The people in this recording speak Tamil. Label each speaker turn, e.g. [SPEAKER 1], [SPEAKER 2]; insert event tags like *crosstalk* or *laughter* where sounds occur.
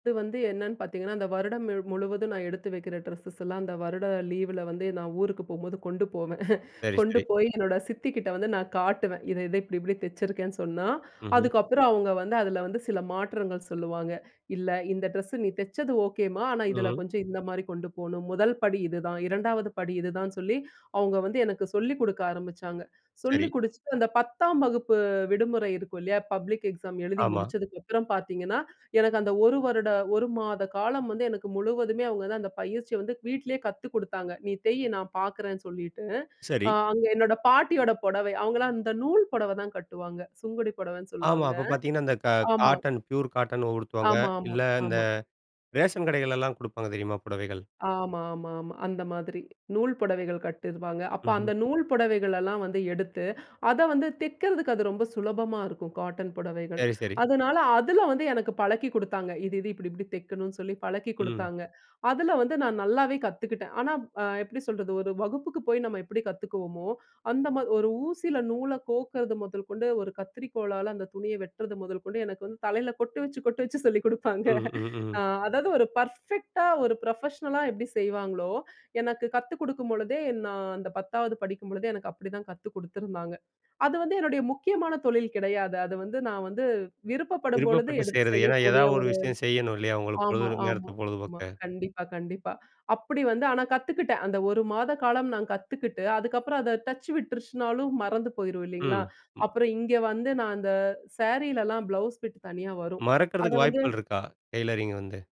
[SPEAKER 1] இது வந்து என்னன்னு பார்த்தீங்கன்னா, அந்த வருடம் முழ் முழுவதும் நான் எடுத்து வைக்கிற ட்ரெஸ்ஸஸ்லாம் அந்த வருட லீவுல வந்து நான் ஊருக்கு போம்போது கொண்டு போவேன். *chuckles*
[SPEAKER 2] சரி,
[SPEAKER 1] கொண்டு
[SPEAKER 2] சரி.
[SPEAKER 1] போய் என்னோட சித்திக்கிட்ட வந்து நான் காட்டுவேன். இத இத இப்படி இப்பிடி தெச்சிருக்கேன்னு சொன்னா,
[SPEAKER 2] ம்ஹ்ம்.
[SPEAKER 1] அதுக்கப்பறம் அவுங்க வந்து அதில வந்து சில மாற்றங்கள் சொல்லுவாங்க. "இல்ல, இந்த ட்ரெஸ்ஸு நீ தெச்சது ஓகேம்மா. ஆனா,
[SPEAKER 2] ம்,
[SPEAKER 1] இதில
[SPEAKER 2] ம்.
[SPEAKER 1] கொஞ்சம் இந்தமாரி கொண்டு போணும். 1 படி இதுதான். 2வது படி இதுதான் சொல்லி, அவுங்க வந்து எனக்கு சொல்லிக் கொடுக்க ஆரம்பிச்சாங்க.
[SPEAKER 2] சரி.
[SPEAKER 1] சொல்லிக் கொடுத்துட்டு அந்த 10ம் வகுப்பு விடுமுறை இருக்கும் இல்லயா! பப்ளிக் எக்ஸாம் எழுதி
[SPEAKER 2] ஆமா.
[SPEAKER 1] முடிச்சதுக்கு அப்பறம் பார்த்தீங்கன்னா, எனக்கு அந்த 1 வருட 1 மாத காலம் வந்து எனக்கு முழுவதுமே அவுங்க தான் அந்த பயிற்சிய வந்து வீட்லயே கத்துக் கொடுத்தாங்க. "நீ தெய் நான் பார்க்குறேன்னு சொல்லிட்டு,"
[SPEAKER 2] சரி.
[SPEAKER 1] அ அங்க என்னோட பாட்டியோட புடவை அவுங்கலாம் அந்த நூல் புடவ தான் கட்டுவாங்க. சுங்குடி புடவைன்னு
[SPEAKER 2] ஆமா.
[SPEAKER 1] சொல்லுவாங்க.
[SPEAKER 2] அப்ப பார்த்தீங்கன்னா, அந்த க
[SPEAKER 1] ஆமா.
[SPEAKER 2] காட்டன் ப்யூர் காட்டன் உடுத்துவாங்க.
[SPEAKER 1] ஆமா, ஆமா,
[SPEAKER 2] இல்ல இந்த
[SPEAKER 1] ஆமா.
[SPEAKER 2] ரேஷன் கடைகள்லாம் கொடுப்பாங்க தெரியுமா? புடவைகள்.
[SPEAKER 1] ஆமா, ஆமா, ஆமா. அந்த மாதிரி. நூல் புடவைகள் கட்டிருவாங்க. அப்ப
[SPEAKER 2] ம்ஹ்ம்.
[SPEAKER 1] அந்த நூல் புடவைகளெல்லாம் வந்து எடுத்து, அத வந்து தைக்கிறதுக்கு அது ரொம்ப சுலபமா இருக்கும். காட்டன் புடவைகள்.
[SPEAKER 2] சரி, சரி.
[SPEAKER 1] அதனால அதில வந்து எனக்கு பழக்கி கொடுத்தாங்க. இது இது இப்பிடி-இப்படி தைக்கணுன்னு சொல்லி பழக்கி
[SPEAKER 2] ம்.
[SPEAKER 1] கொடுத்தாங்க. அதில வந்து நான் நல்லாவே கத்துக்கிட்டேன். ஆனா, அ எப்பிடி சொல்றது, ஒரு வகுப்புக்கு போய் நம்ம எப்பிடி கத்துக்குவோம்மோ, அந்தமா ஒரு ஊசில நூல கோக்கிறது முதல் கொண்டு ஒரு கத்திரிக்கோலால அந்த துணிய வெட்டுறது முதல் கொண்டு எனக்கு வந்து தலையில கொட்டு வச்சு, கொட்டு வச்சு சொல்லிக் கொடுப்பாங்க
[SPEAKER 2] ம், ம், ம்,
[SPEAKER 1] ஆ
[SPEAKER 2] ம்.
[SPEAKER 1] அதாவது ஒரு பர்ஃபெக்ட்டா ஒரு ப்ரொஃபஷ்னலா எப்பிடி செய்வாங்களோ, எனக்கு கத்துக் கொடுக்கும்பொழுதே, நான் அந்த 10வது படிக்கும்பொழுதே எனக்கு அப்பிடிதான் கத்து கொடுத்துருந்தாங்க. அது வந்து என்னுடைய முக்கியமான தொழில் கிடையாது. அது வந்து நான் வந்து விருப்பப்படும் பொழுது
[SPEAKER 2] விருப்பப்பட்டு
[SPEAKER 1] எடுத்து
[SPEAKER 2] செய்றது. ஏன்னா,
[SPEAKER 1] செய்யக்கூடிய
[SPEAKER 2] எதாவது ஒரு
[SPEAKER 1] ஒரு
[SPEAKER 2] விஷயம் செய்யணும் இல்லயா! உங்களுக்கு பொழுது
[SPEAKER 1] ஆமா, ஆமா.
[SPEAKER 2] நேரத்த
[SPEAKER 1] ஆமா.
[SPEAKER 2] பொழுதுபோக்க!
[SPEAKER 1] கண்டிப்பா, கண்டிப்பா. அப்பிடி வந்து ஆனா கத்துக்கிட்டேன். அந்த 1 மாத காலம் நான் கத்துக்கிட்டு அதுக்கப்பறம் அத டச் விட்டுருச்சினாலும் மறந்து போயிரும் இல்லேங்களா!
[SPEAKER 2] ம். ம்.
[SPEAKER 1] அப்புறம் இங்க வந்து நான் அந்த சாரீலலாம் ப்ளவுஸ் பிட் தனியா வரும். அத
[SPEAKER 2] மறக்கிறதுக்கு வாய்ப்புகள்
[SPEAKER 1] வந்து
[SPEAKER 2] இருக்கா? டெய்லரிங் வந்து.